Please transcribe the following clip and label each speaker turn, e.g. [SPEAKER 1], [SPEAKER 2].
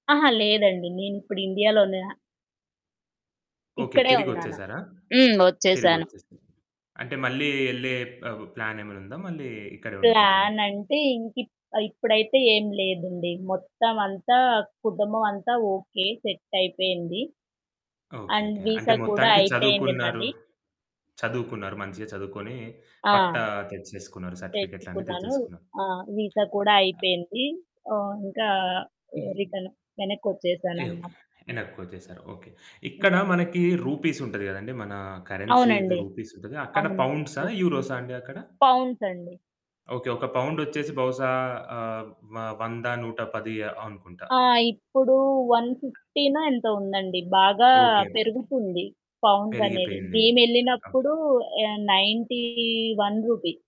[SPEAKER 1] ఆహా! లేదండి. నేను ఇప్పుడు ఇండియాలోనే
[SPEAKER 2] ఓకే.
[SPEAKER 1] ఇక్కడే ఉన్నాను.
[SPEAKER 2] తిరిగొచ్చేసారా?
[SPEAKER 1] హ్మ్. వచ్చేసాను.
[SPEAKER 2] తిరిగొచ్చేసా అంటే మళ్ళీ ఏళ్ళే ఆహ్, ప్ ప్లాన్ ఏమైనా ఉందా? మళ్ళీ ఇక్కడే ఉండిపోతారా?
[SPEAKER 1] ప్లానంటే, ఇంకిప్ ఇప్పుడైతే ఏం లేదండి. మొత్తం అంతా కుటుంబం అంతా ఓకే. సెట్టాయిపోయింది. అండ్
[SPEAKER 2] ఓకేకే. అంటే
[SPEAKER 1] విసా కూడా
[SPEAKER 2] మొత్తానికి
[SPEAKER 1] అయిపోయింది
[SPEAKER 2] చదువుకున్నారు.
[SPEAKER 1] నాది.
[SPEAKER 2] చదువుకున్నారు మంచిగా చదువుకొని,
[SPEAKER 1] ఆ!
[SPEAKER 2] పట్టా తెచ్చేసుకున్నారు సర్టిఫికేట్లు అన్ని
[SPEAKER 1] తెచ్చుకున్నాను.
[SPEAKER 2] తెచ్చేసుకున్నారు.
[SPEAKER 1] ఆ! వీసా కూడా అయిపోయింది. ఆహ్, ఇంకా హ్మ్.
[SPEAKER 2] హుహు.
[SPEAKER 1] రిటర్ను
[SPEAKER 2] ఎవ్
[SPEAKER 1] వెనక్కిచ్చేసానన్నమా
[SPEAKER 2] ఎనక్కొచ్చేసారు ఓకే.
[SPEAKER 1] హ్మ్.
[SPEAKER 2] ఇక్కడ మనకి రూపీసుంటది కదండీ, మన కరెన్సీ‌ది
[SPEAKER 1] అవునండి.
[SPEAKER 2] రూపీసుంటది అక్కడ
[SPEAKER 1] అవును.
[SPEAKER 2] పౌండ్సా? యూరోసా అండి అక్కడ?
[SPEAKER 1] పౌండ్సండి.
[SPEAKER 2] ఓకే. ఒక పౌండొచ్చేసి బహుశా ఆహ్, వ వంద, 110 అ అనుకుంటా.
[SPEAKER 1] ఆ! ఇప్పుడు వన్ ఫిఫ్టీనో ఎంతో ఉందండి. బాగా
[SPEAKER 2] ఓకే అండి.
[SPEAKER 1] పెరుగుతుంది పౌండ్సనేది.
[SPEAKER 2] పెరిగిపోయింది. ఆ!
[SPEAKER 1] మేమెళ్ళినప్పుడు ఆహ్, రూ. 91.